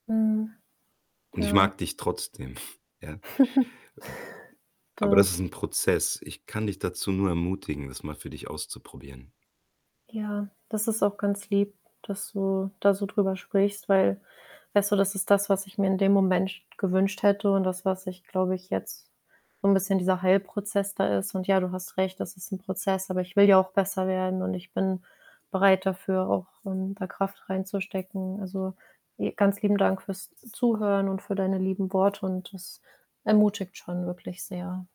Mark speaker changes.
Speaker 1: Mhm,
Speaker 2: Und ich
Speaker 1: ja.
Speaker 2: mag dich trotzdem, ja? Äh, hm, aber das
Speaker 1: Doch.
Speaker 2: ist 'n Prozess. Ich kann dich dazu nur ermutigen, das mal für dich auszuprobieren.
Speaker 1: Ja, das ist auch ganz lieb, dass du da so drüber sprichst, weil weißt du, das ist das, was ich mir in dem Moment gewünscht hätte und das was ich, glaube ich, jetzt so 'n bisschen dieser Heilprozess da ist und, ja, du hast recht, das ist 'n Prozess, aber ich will ja auch besser werden und ich bin bereit dafür, auch, ähm, da Kraft reinzustecken. Also e ganz lieben Dank für's Zuhören und für deine lieben Worte und das ermutigt schon wirklich sehr.